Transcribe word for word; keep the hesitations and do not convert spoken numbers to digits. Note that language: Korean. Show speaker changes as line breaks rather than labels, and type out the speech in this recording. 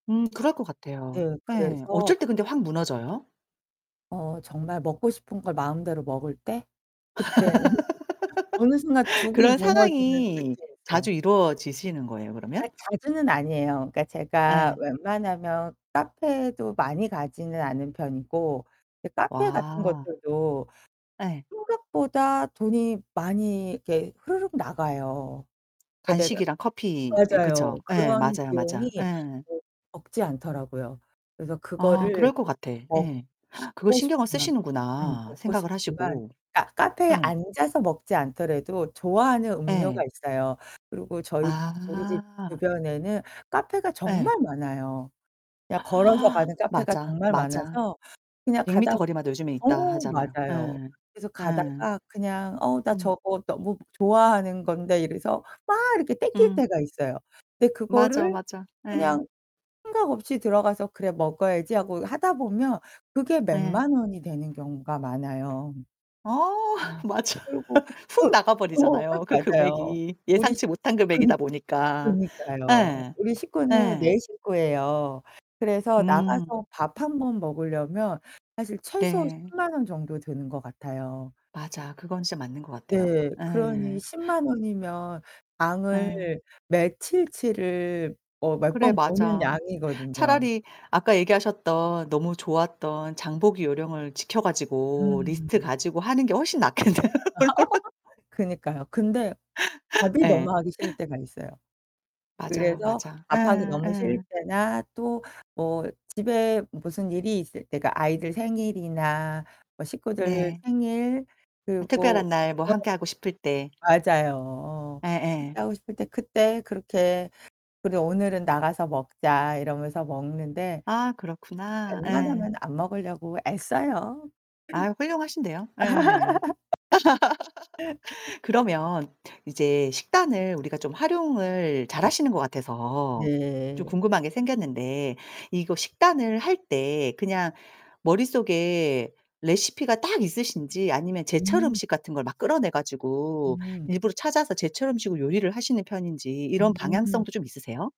음 그럴 것 같아요.
네.
예.
그래서
어쩔 때 근데 확 무너져요?
어 정말 먹고 싶은 걸 마음대로 먹을 때 그때는 어느 순간 둑이
그런
무너지는
상황이 자주
느낌이었어요.
이루어지시는 거예요,
아
그러면?
자주는 아니에요. 그러니까 제가
예.
웬만하면 카페도 많이 가지는 않는 편이고 이제 카페 같은
와.
것들도
예.
생각보다 돈이 많이 이렇게 흐르륵 나가요. 그러니까 내가
간식이랑 커피. 이 그쵸.
맞아요.
예
그런
맞아요,
비용이
맞아. 예.
뭐 적지 않더라고요. 그래서
아
그거를
그럴 것 같아. 예.
먹고
그거 신경을
싶지만 음
쓰시는구나.
먹고
생각을
싶지만
하시고.
카 카페에
예.
앉아서 먹지 않더라도 좋아하는 음료가
예.
있어요. 그리고 저희 우리 집
아.
주변에는 카페가
예.
정말 많아요. 그냥 걸어서 가는 카페가
맞아,
정말
맞아.
많아서 그냥
백
가다
미터 거리마다 요즘에 있다
어
하잖아요.
맞아요.
예.
그래서
예.
가다가 그냥 '어 나
음.
저거 너무 좋아하는 건데.' 이래서 막 이렇게 당길
음.
때가 있어요. 근데
맞아,
그거를
맞아. 예.
그냥 생각 없이 들어가서 '그래 먹어야지.' 하고 하다 보면 그게 몇
예.
만 원이 되는 경우가 많아요.
어
음
맞아.
그리고
훅 나가
어, 어
버리잖아요, 그
맞아요.
금액이.
우리
예상치 못한
그니
금액이다 보니까.
그러니까요.
예.
우리 식구는 네
예.
식구예요. 그래서
음
나가서
으.
밥 한 번 먹으려면 사실 최소
네.
십만 원 정도 드는 것 같아요.
맞아. 그건 진짜 맞는 것 같아요.
네. 그러니
예.
십만 원이면 장을
예.
며칠치를 어 몇
그래
번 보는
맞아.
양이거든요.
차라리 아까 얘기하셨던 너무 좋았던 장보기 요령을 지켜 가지고 리스트
음.
가지고 하는 게 훨씬 낫겠네요.
그니까요. 근데 밥이 너무
예.
하기 싫을 때가 있어요.
맞아요,
그래서
맞아.
밥하기
예.
너무 싫을
예.
때나 또 뭐 집에 무슨 일이 있을 때가 아이들 생일이나 뭐 식구들
네.
생일
아
그 뭐 어
특별한 날 뭐 함께하고 싶을 때.
맞아요. 그렇게
예예.
하고 싶을 때 그때 그렇게 '그래 오늘은 나가서 먹자.' 이러면서 먹는데
아 그렇구나. 예.
웬만하면 안 먹으려고 애써요.
아 훌륭하신데요. 예. 그러면 이제 식단을 우리가 좀 활용을 잘하시는 것 같아서 좀
네.
궁금한 게 생겼는데 이거 식단을 할 때 그냥 머릿속에 레시피가 딱 있으신지 아니면 제철
음.
음식 같은 걸 막 끌어내 가지고
음.
일부러 찾아서 제철 음식으로 요리를 하시는 편인지 이런
음.
방향성도 좀 있으세요?